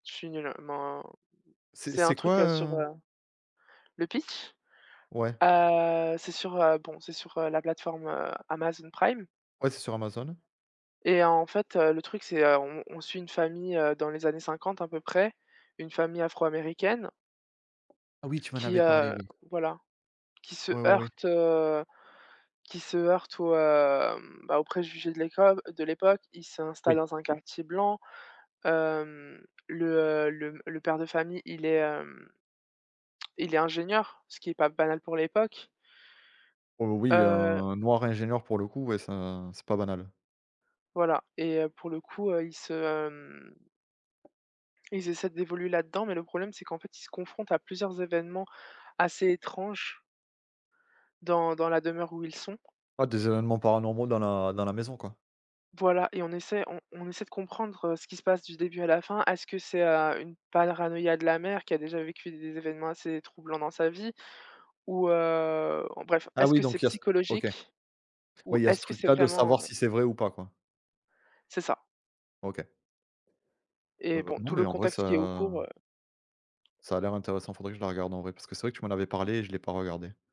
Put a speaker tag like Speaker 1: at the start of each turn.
Speaker 1: Je suis nulle, men
Speaker 2: C'est
Speaker 1: c'est un
Speaker 2: c'est quoi,
Speaker 1: truc, heu, sur,
Speaker 2: heu
Speaker 1: heu le pitch?
Speaker 2: Ouais.
Speaker 1: Heu, c'est sur, heu, bon c'est sur, heu, la plateforme, heu, Amazon Prime
Speaker 2: Ouais, c'est sur Amazon.
Speaker 1: et en fait, heu, le truc c'est, heu, on on suit une famille, heu, dans les années 50 un peu près, une famille afro-américaine
Speaker 2: Ah oui tu m'en
Speaker 1: qui,
Speaker 2: avais parlé
Speaker 1: heu,
Speaker 2: oui.
Speaker 1: voilà qui se
Speaker 2: Oui, oui, oui.
Speaker 1: heurte, heu, qui se heurte aux, hem, bah aux préjugés de l'époque, heu, de l'époque. Ils s'installent
Speaker 2: Oui.
Speaker 1: dans un quartier blanc, hem, le, heu, le m le père de famille il est, hem il est ingénieur, ce qui est pas banal pour l'époque
Speaker 2: Oh oui,
Speaker 1: heu
Speaker 2: un noir ingénieur pour le coup, ouais c'est un c'est pas banal.
Speaker 1: Voilà et heu, pour le coup, heu, ils se, hem ils essaient d’évoluer là-dedans, mais le problème c'est qu'en fait ils se confrontent à plusieurs événements assez étranges dans dans la demeure où ils sont.
Speaker 2: Ouais, des événements paranormaux dans la dans la maison quoi.
Speaker 1: Voilà et on essaie, on on essaie de comprendre, heu, ce qui se passe du début à la fin. Est-ce que c'est, heu, une paranoïa de la mère qui a déjà vécu des événements assez troublants dans sa vie ou, heu en bref,
Speaker 2: Ah
Speaker 1: est-ce
Speaker 2: oui,
Speaker 1: que c'est
Speaker 2: donc il y a ce OK.
Speaker 1: psychologique ou
Speaker 2: Ouais, il y a ce
Speaker 1: est-ce que
Speaker 2: truc
Speaker 1: c'est
Speaker 2: là de savoir
Speaker 1: vraiment, heu
Speaker 2: si c'est vrai ou pas quoi.
Speaker 1: C'est ça
Speaker 2: OK.
Speaker 1: et
Speaker 2: Heu,
Speaker 1: bon,
Speaker 2: non
Speaker 1: tout
Speaker 2: mais
Speaker 1: le
Speaker 2: en vrai
Speaker 1: contexte qui est au cours,
Speaker 2: ça
Speaker 1: heu
Speaker 2: ça a l'air intéressant, faudrait que je la regarde en vrai, parce que c'est vrai que tu m'en avais parlé et je l'ai pas regardé.